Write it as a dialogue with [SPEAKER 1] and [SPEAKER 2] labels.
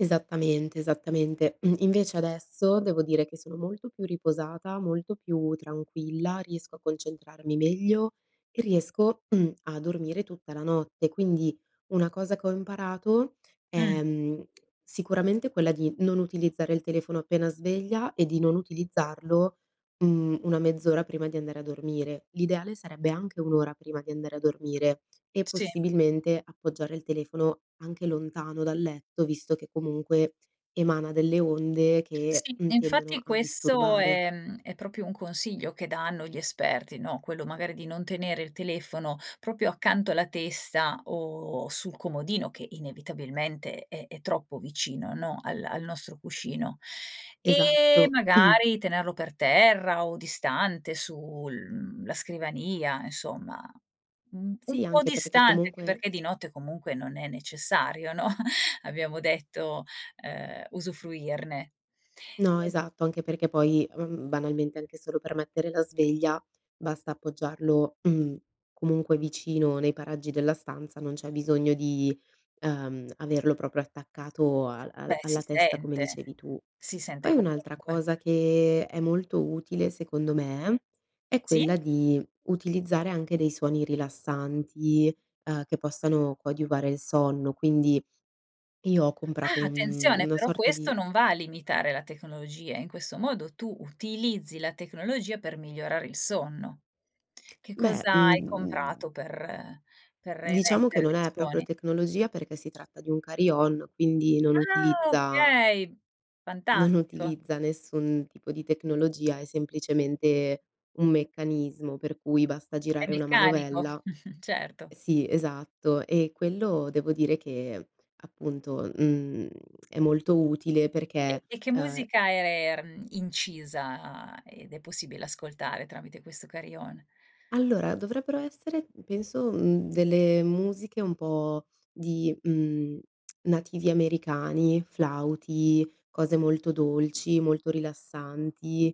[SPEAKER 1] Esattamente, esattamente. Mh, invece adesso, devo dire che sono molto più riposata, molto più tranquilla, riesco a concentrarmi meglio e riesco a dormire tutta la notte. Quindi, una cosa che ho imparato
[SPEAKER 2] Mh.
[SPEAKER 1] è, mhmm, sicuramente quella di non utilizzare il telefono appena sveglia e di non utilizzarlo, mhmm, una mezz'ora prima di andare a dormire. L'ideale sarebbe anche un'ora prima di andare a dormire e
[SPEAKER 2] Sì.
[SPEAKER 1] possibilmente appoggiare il telefono anche lontano dal letto, visto che comunque emana delle onde che
[SPEAKER 2] Sì.
[SPEAKER 1] tendono
[SPEAKER 2] Infatti,
[SPEAKER 1] a
[SPEAKER 2] questo
[SPEAKER 1] disturbare.
[SPEAKER 2] è, mhmm, è proprio un consiglio che danno gli esperti, no, quello magari di non tenere il telefono proprio accanto alla testa o sul comodino che inevitabilmente è è troppo vicino, no, al al nostro cuscino. E
[SPEAKER 1] Esatto.
[SPEAKER 2] magari tenerlo per terra o distante sul, mhmm, la scrivania, insomma. Mhmm, un
[SPEAKER 1] Sì,
[SPEAKER 2] po'
[SPEAKER 1] anche perché che
[SPEAKER 2] distante, anche
[SPEAKER 1] comunque
[SPEAKER 2] perché di notte comunque non è necessario, no, abbiamo detto, ehm, usufruirne.
[SPEAKER 1] No,
[SPEAKER 2] [unintelligible]
[SPEAKER 1] esatto, anche perché poi, mhmm, banalmente, anche solo per mettere la sveglia basta appoggiarlo, comunque vicino nei paraggi della stanza, non c'è bisogno di, uhm, averlo proprio attaccato al al
[SPEAKER 2] Beh, si
[SPEAKER 1] alla testa come
[SPEAKER 2] sente,
[SPEAKER 1] dicevi tu.
[SPEAKER 2] si sente
[SPEAKER 1] Poi, un'altra
[SPEAKER 2] comunque.
[SPEAKER 1] cosa che è molto utile secondo me è
[SPEAKER 2] Sì.
[SPEAKER 1] quella di utilizzare anche dei suoni rilassanti, uhm, che possano coadiuvare il sonno, quindi io ho comprato
[SPEAKER 2] Ah,
[SPEAKER 1] un
[SPEAKER 2] attenzione,
[SPEAKER 1] una
[SPEAKER 2] però
[SPEAKER 1] sorta
[SPEAKER 2] questo
[SPEAKER 1] di
[SPEAKER 2] non va a limitare la tecnologia. In questo modo, tu utilizzi la tecnologia per migliorare il sonno. Che
[SPEAKER 1] Beh,
[SPEAKER 2] cosa hai
[SPEAKER 1] mhmm
[SPEAKER 2] comprato per per
[SPEAKER 1] diciamo che
[SPEAKER 2] emettere
[SPEAKER 1] non
[SPEAKER 2] dei
[SPEAKER 1] è proprio
[SPEAKER 2] suoni?
[SPEAKER 1] tecnologia perché si tratta di un carillon, quindi non
[SPEAKER 2] Ah
[SPEAKER 1] utilizza
[SPEAKER 2] okay,
[SPEAKER 1] non
[SPEAKER 2] fantastico.
[SPEAKER 1] utilizza nessun tipo di tecnologia, è semplicemente un meccanismo per cui basta
[SPEAKER 2] È
[SPEAKER 1] girare una
[SPEAKER 2] meccanico,
[SPEAKER 1] manovella e
[SPEAKER 2] certo.
[SPEAKER 1] sì, esatto. E quello devo dire che appunto, mhmm, è molto utile
[SPEAKER 2] E
[SPEAKER 1] perché,
[SPEAKER 2] e che
[SPEAKER 1] uhm
[SPEAKER 2] musica er era, mh, incisa ed è possibile ascoltare tramite questo carillon?
[SPEAKER 1] Allora, dovrebbero essere penso, mhmm, delle musiche un po' di, mhmm, nativi americani, flauti, cose molto dolci, molto rilassanti.